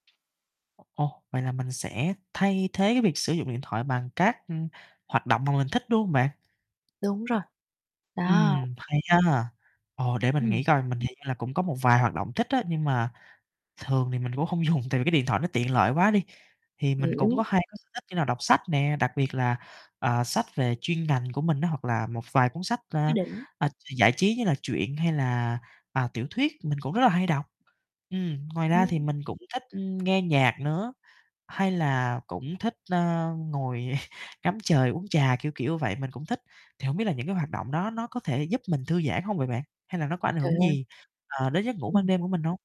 Ồ, vậy là mình sẽ thay thế, cái, việc sử dụng điện thoại bằng các, ừm, hoạt động mà mình thích, đúng hông bạn? Đúng rồi, đó. Ừm, hay ha. Ồ, để mình Ừm. nghĩ coi, mình hiện là cũng có một vài hoạt động thích á, nhưng mà thường thì mình cũng hông dùng, tại vì cái điện thoại nó tiện lợi quá đi. Thì mình cũng có Hiểu. 2 cái sở thích như là đọc sách nè, đặc biệt là, ờ, sách về chuyên ngành của mình á, hoặc là một vài cuốn sách, Quá ơ, đỉnh. ơ, giải trí như là truyện hay là, ờ, tiểu thuyết, mình cũng rất là hay đọc. Ừm, ngoài ra thì Ừm. mình cũng thích, ừm, nghe nhạc nữa, hay là cũng thích, ơ, ngồi ngắm trời uống trà, kiểu, kiểu vậy, mình cũng thích. Thì hổng biết là những cái hoạt động đó nó có thể giúp mình thư giãn hông vậy bạn? Hay là nó có ảnh Trời hưởng ơi. gì, ờ, đến giấc ngủ ban Ừm. đêm của mình hông?